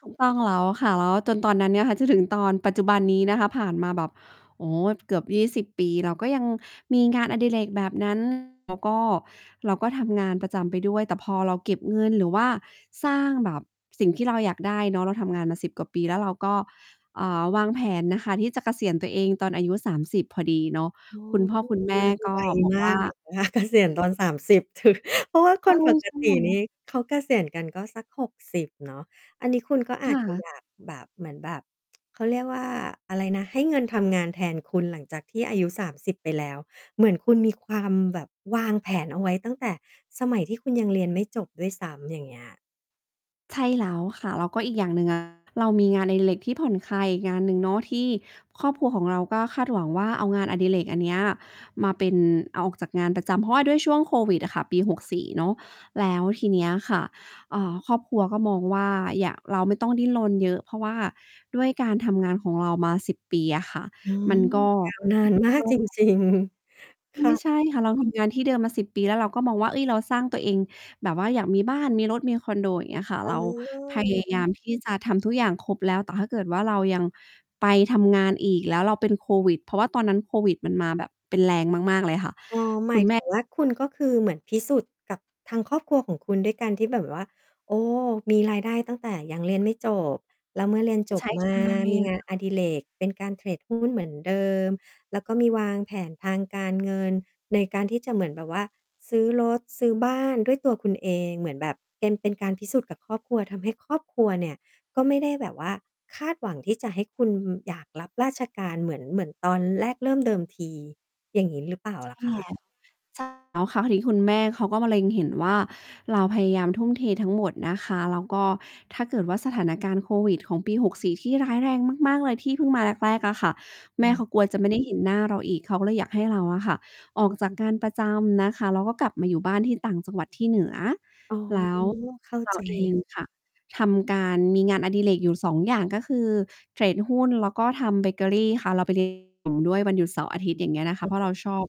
ถูกต้องแล้วค่ะ แล้วจนตอนนั้นเนี่ยค่ะ จนถึงตอนปัจจุบันนี้นะคะ ผ่านมาแบบ โอ้ เกือบ 20 ปี เรา ก็ยังมีงานอดิเรกแบบ นั้น แล้วก็เราก็ทำงานประจำไปด้วย แต่พอเราเก็บเงิน หรือว่าสร้างแบบสิ่งที่เราอยากได้เนาะ เราทำงานมา 10 กว่าปี แล้วเราก็ อ่า วางแผนนะคะที่จะเกษียณตัวเองตอนอายุ 30 พอดีเนาะ อ๋อ คุณพ่ออืคม ุณแมมั่นกไ็วบอกมวา่กา อยู่นะ คะ เกษียอณ ืตอ อน 30 ถือ เพราะว่าใคช่ นปกใช่ติแลน้ว ี่เขาเกษียณกันก็สัก 60 เนาะ อันนี้คุณก็อคาจ่จะ ะ อยาก แบบ เหมือนแบบ เขาเรียกว่าอะไรนะ ให้เงินทำงานแทนคุณหลังจากที่อายุ 30 ไปแล้ว เหมือนคุณมีความแบบวางแผนเอาไว้ตั้งแต่สมัยที่คุณยังเรียนไม่จบด้วยซ้ำ อย่างเงี้ย ใช่แล้วค่ะ แล้วก็อีกอย่างหนึ่ง อะ เรามีงานอดิเรกที่ผ่อนคลายอีกงานหนึ่งเนาะ ที่ครอบครัวของเราก็คาดหวังว่า เอางานอดิเรกอันเนี้ยมาเป็น เอาออกจากงานประจำ เพราะว่าด้วยช่วงโควิดอะค่ะ ปี 64 เนาะ แล้วทีเนี้ยค่ะ เอ่อ ครอบครัวก็มองว่า อย่า เราไม่ต้องดิ้นรนเยอะ เพราะว่าด้วยการทำงานของเรามา 10 ปีอะค่ะ อืมม ันก็ ยาวนาน มากจริง ๆ คไ่มะ ่ใช่ค่ะ เราทำงานที่เดิมมา 10 ปีแล้ว เราก็มองว่า เอ๊ย เราสร้างตัวเอง แบบว่าอยากมีบ้าน มีรถ มีคอนโด อย่างเงี้ยค่ะ อเืรา พม ยายาม ที่จะทำทุกอย่างครบแล้ว แต่ถ้าเกิดว่าเรายังไปทำงานอีก แล้วเราเป็นโควิด เพราะว่าตอนนั้นโควิดมันมาแบบ เป็นแรงมาก ๆ เลยค่ะ อค๋อ หมาย ุณถแมึ่ ง ว่า คุณ ก็คือเหมือนพิสูจน์กับทางครอบครัวของคุณ ด้วยการที่ แบบ แบบว่า โอ้ มีรายได้ตั้งแต่ยังเรียนไม่จบ แล้วเมื่อเรียนจใชบ้มตา าเรมีียนงเาหนรอ? อดิเรกเป็นการเทรดหุ้นเหมือนเดิม แล้วก็มีวางแผนทางการเงิน ในการที่จะเหมือนแบบว่าซื้อรถ ซื้อบ้านด้วยตัวคุณเอง เหมือนแบบเป็น เป็นการพิสูจน์กับครอบครัว ทำให้ครอบครัวเนี่ย ก็ไม่ได้แบบว่าคาดหวังที่จะให้คุณอยากรับราชการเหมือน เริ่มเดิมที อย่างงี้ หรือเปล่าล่ะใชค่ะ? แล้ว ใช่ แล้วครั้งนี้คุณแม่เขาก็มาเล็งเห็นว่า เราพยายามทุ่มเททั้งหมดนะคะ แล้วก็ถ้าเกิดว่าสถานการณ์โควิดของปี 64 ที่ร้ายแรงมาก ๆ เลยที่เพิ่งมาแรก ๆ อะค่ะ แอม่เขืม ากลัวจะไม่ได้เห็นหน้าเราอีก เขาก็เลยอยากให้เราอะค่ะ ออกจากงานประจำนะคะ แล้วก็กลับมาอยู่บ้านที่ต่างจังหวัดที่เหนือ อ๋อ แล้วเข้าเราใเองจ ค่ะ ทำการ มีงานอดิเรกอยู่ 2 อย่าง ก็คือเทรดหุ้น แล้วก็ทำเบเกอรี่ค่ะ เราไป เรียน ด้วยวันหยุดเสาร์อาทิตย์ อย่างเงี้ยนะคะ เพราะเราชอบ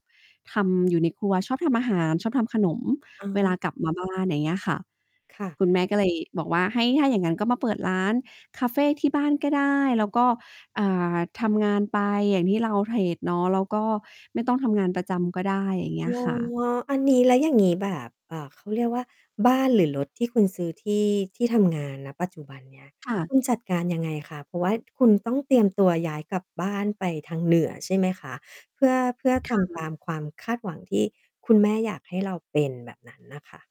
ทำ อยู่ ในครัว ชอบทำอาหาร ชอบทำขนม อเวลาา กลับมาบ้าน อย่างเงี้ยค่ะ ค่ะ คุณแม่ก็เลยบอกว่า ให้ ถ้าอย่างงั้นก็มาเปิดร้านคาเฟที่บ้านก็ได้ แล้วก็ อ่า ทำงานไปอย่างที่เราเทรดเนาะ แล้วก็ไม่ต้องทำงานประจำก็ได้ อย่างเงอี้๋อ ยค่ะ อันนี้แล้วอย่างงี้ แบบ เอ่อ เขาเรียกว่า บ้าน หรือรถที่คุณซื้อ ที่ ที่ทำงาน ณ ปัจจุบันเนี้ย ค่ะ คุณจัดการยังไงคะ เพราะว่าคุณต้องเตรียมตัวย้ายกลับบ้านไปทางเหนือใช่ไหมคะ เพื่อ เพื่อทค่ำตะ ามความคาดหวังที่คุณแม่อยากให้เราเป็นแบบนั้นน่ะค่ะ?